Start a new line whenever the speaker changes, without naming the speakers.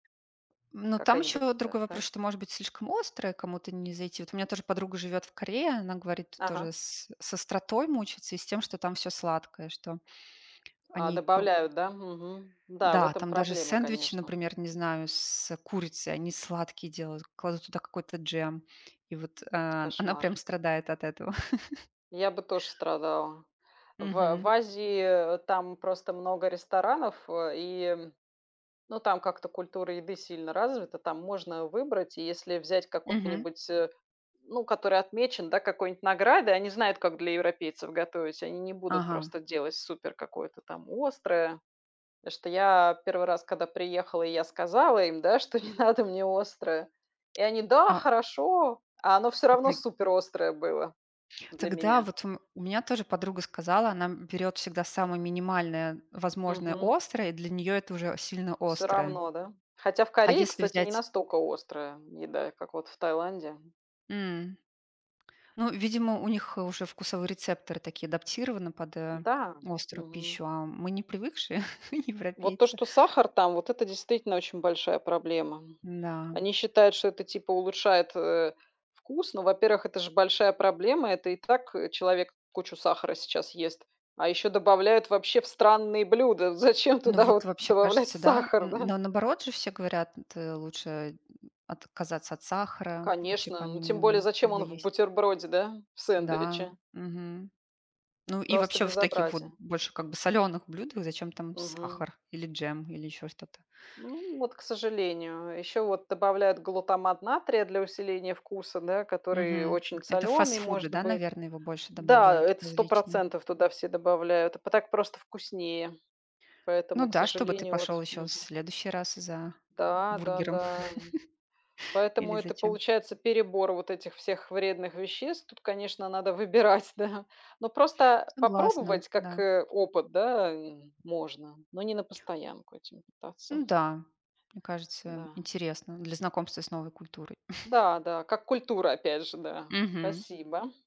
Ну, там
Какая-нибудь
ещё
та
другой вопрос, что
тайская.
может быть слишком острое кому-то не зайти. Вот у меня тоже подруга живёт в Корее, она говорит, тоже
Ага.
с, э, с остротой мучается и с тем, что там всё сладкое, что
А,
они круг
добавляют, да, мгм, да, в
Да,
этом
там даже
проблема,
сэндвичи,
конечно.
например, не знаю, с, э, курицей, они сладкие делают, кладут туда какой-то джем, и вот, а, она прям
Кошмар.
страдает от этого.
Я бы тоже страдала. В, э, в
Мгм.
Азии, э, там просто много ресторанов, э, и м, ну, там как-то культура еды сильно развита, там можно выбрать. И если взять
Мгм.
какой-нибудь, э, ну, который отмечен, да, какой-нибудь наградой, они знают, как для европейцев готовить, они не будут
Ага.
просто делать супер какое-то там острое. Потому что я 1 раз, когда приехала, и я сказала им, да, что не надо мне острое. И они: "Да,
А.
хорошо". А оно всё равно суперострое было для
Так да
меня.
вот у у меня тоже подруга сказала, она, м, берёт всегда самое минимальное возможное
Мгм.
острое, и для неё это уже сильно
Всё
острое.
равно, да? Хотя в
А
Корее,
если
кстати, не
взять
настолько острая еда, и как вот в Таиланде.
М. Ну, видимо, у них уже вкусовые рецепторы такие адаптированы под, э,
Да.
острую
Мгм.
пищу, а, м мы не привыкшие
Вот то,
европейцы.
что сахар там, вот это действительно очень большая проблема.
Да.
Они считают, что это, типа, улучшает, э, вкус, но, во-первых, это ж большая проблема. Это и так, э, человек кучу сахара сейчас ест, а еще добавляют вообще в странные блюда. Зачем
Ну
туда
вот,
вот
вообще,
добавлять
кажется, да.
сахар,
М,
да?
но наоборот же все говорят, э, лучше, отказаться от сахара, вообще, по
Конечно, ну, тем более
минимуму
зачем
его
он в
есть.
бутерброде, да, в
Да,
сэндвиче?
мгм. Ну и
Просто
вообще, в таких вот
безобразие.
больше, как бы, солёных блюдах зачем там
Мгм.
сахар или джем, или ещё что-то?
Ну вот, к сожалению. А еще вот добавляют глутамат натрия для усиления вкуса, да, который
Мгм.
очень
Это в
соленый
фастфуды,
может
да,
быть.
наверное, его больше
Да,
добавляют в
это сто
различные.
процентов туда все добавляют, а п так просто вкуснее,
Ну
поэтому, к
да, чтобы ты
сожалению,
пошёл
вот.
ещё в
Мгм.
следующий раз за
Да, да,
бургером
да, м. Поэтому
или
это
зачем?
получается перебор вот этих всех вредных веществ. Тут, конечно, надо выбирать, да. Но просто
Согласна,
попробовать, как,
да.
э, опыт, да, м, можно, но не на постоянку этим
Ну
питаться.
да, мне кажется,
Да.
интересно для знакомства с новой культурой.
Да, да, как культура, опять же, да.
Мгм.
Спасибо.